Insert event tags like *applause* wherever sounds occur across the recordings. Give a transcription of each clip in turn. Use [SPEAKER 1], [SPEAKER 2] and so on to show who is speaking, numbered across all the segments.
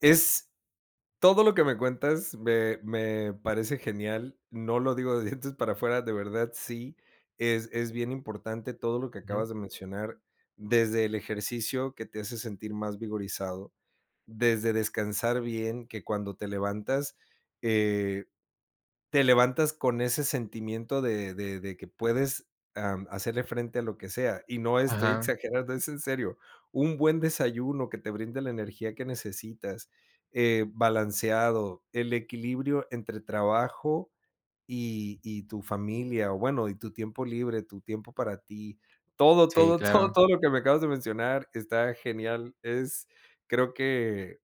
[SPEAKER 1] Es todo lo que me cuentas me me parece genial. No lo digo de dientes para afuera, de verdad sí, es es bien importante todo lo que
[SPEAKER 2] Ujú.
[SPEAKER 1] acabas de mencionar, desde el ejercicio que te hace sentir más vigorizado, desde descansar bien, que cuando te levantas, eh, te levantas con ese sentimiento de de de que puedes, am, hacerle frente a lo que sea, y no estoy
[SPEAKER 2] Ajá.
[SPEAKER 1] exagerando, es en serio. Un buen desayuno que te brinde la energía que necesitas, eh, balanceado, el equilibrio entre trabajo y y tu familia, o bueno, y tu tiempo libre, tu tiempo para ti, todo,
[SPEAKER 2] Sí,
[SPEAKER 1] todo, todo,
[SPEAKER 2] claro.
[SPEAKER 1] todo lo que me acabas de mencionar está genial, es creo que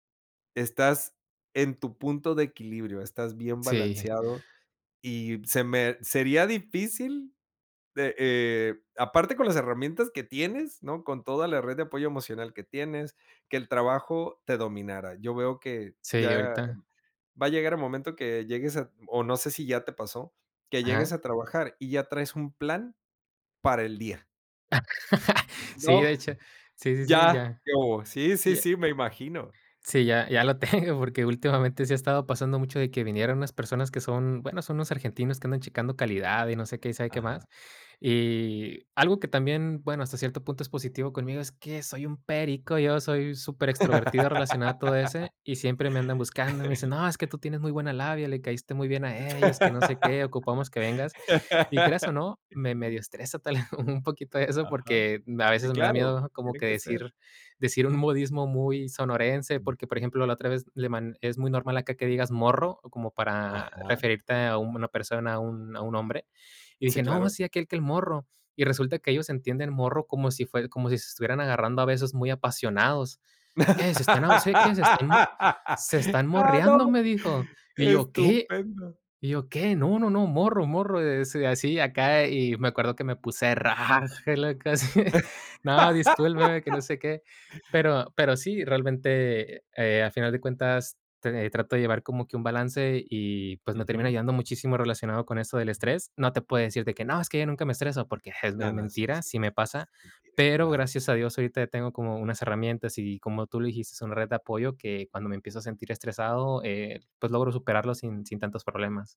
[SPEAKER 1] estás en tu punto de equilibrio, estás bien
[SPEAKER 2] Sí.
[SPEAKER 1] balanceado y se me sería difícil de, eh, aparte con las herramientas que tienes, ¿no? Con toda la red de apoyo emocional que tienes, que el trabajo te dominara. Yo veo que
[SPEAKER 2] Sí,
[SPEAKER 1] ya
[SPEAKER 2] ahorita.
[SPEAKER 1] va a llegar el momento que llegues a o no sé si ya te pasó, que llegues
[SPEAKER 2] Ajá.
[SPEAKER 1] a trabajar y ya traes un plan para el día.
[SPEAKER 2] *laughs* Sí,
[SPEAKER 1] No.
[SPEAKER 2] de hecho. Sí, sí, sí,
[SPEAKER 1] Ya,
[SPEAKER 2] ya
[SPEAKER 1] ¿qué hubo? Sí, sí,
[SPEAKER 2] ya
[SPEAKER 1] sí, me imagino.
[SPEAKER 2] Sí, ya ya lo tengo, porque últimamente sí ha estado pasando mucho de que vinieron unas personas que son, bueno, son unos argentinos que andan checando calidad y no sé qué y sabe qué
[SPEAKER 1] Ajá.
[SPEAKER 2] más. Y algo que también, bueno, hasta cierto punto es positivo conmigo, es que soy un perico, yo soy superextrovertido relacionado a todo ese y siempre me andan buscando, me dicen:
[SPEAKER 1] *laughs*
[SPEAKER 2] "No, es que tú tienes muy buena labia, le caíste muy bien a ellos", que no sé qué, "ocupamos que vengas". Y creas o
[SPEAKER 1] *laughs*
[SPEAKER 2] no, me medio estresa tal *chuckles* vez un poquito eso,
[SPEAKER 1] Ajá.
[SPEAKER 2] porque a
[SPEAKER 1] Sí,
[SPEAKER 2] veces me da
[SPEAKER 1] claro,
[SPEAKER 2] miedo como
[SPEAKER 1] tiene
[SPEAKER 2] que
[SPEAKER 1] que ser.
[SPEAKER 2] decir decir un modismo muy sonorense, porque, por ejemplo, la otra vez le man es muy normal acá que digas: "Morro", como para
[SPEAKER 1] Ajá.
[SPEAKER 2] referirte a una persona, a un a un hombre, y
[SPEAKER 1] Sí,
[SPEAKER 2] dije: "No,
[SPEAKER 1] claro.
[SPEAKER 2] sí aquel que el morro", y resulta que ellos entienden morro como si fue como si se estuvieran agarrando a besos muy apasionados. "¿Qué se están abo se quién se están mo
[SPEAKER 1] *laughs*
[SPEAKER 2] se están
[SPEAKER 1] Ah,
[SPEAKER 2] morreando?".
[SPEAKER 1] no.
[SPEAKER 2] Me dijo. Y yo: "¿Qué?".Y
[SPEAKER 1] Estupendo.
[SPEAKER 2] yo: "¿Qué? No, no no, morro morro, es así acá". Y me acuerdo que me puse rojo, locos. *giggles* "No, discúlpeme", que no
[SPEAKER 1] *laughs*
[SPEAKER 2] sé qué. Pero pero sí, realmente, eh, a final de cuentas, t trato de llevar como que un balance y pues me termina
[SPEAKER 1] Ujú.
[SPEAKER 2] ayudando muchísimo relacionado con eso del estrés. No te puedo decir de que no es que yo nunca me estreso porque es
[SPEAKER 1] No,
[SPEAKER 2] men
[SPEAKER 1] no. Sí,
[SPEAKER 2] mentira,
[SPEAKER 1] sí,
[SPEAKER 2] sí me
[SPEAKER 1] es
[SPEAKER 2] pasa.
[SPEAKER 1] es mentira.
[SPEAKER 2] Pero
[SPEAKER 1] Claro.
[SPEAKER 2] gracias a Dios ahorita tengo como unas herramientas y como tú lo dijiste, una red de apoyo que cuando me empiezo a sentir estresado, eh, pues logro superarlo sin sin tantos problemas.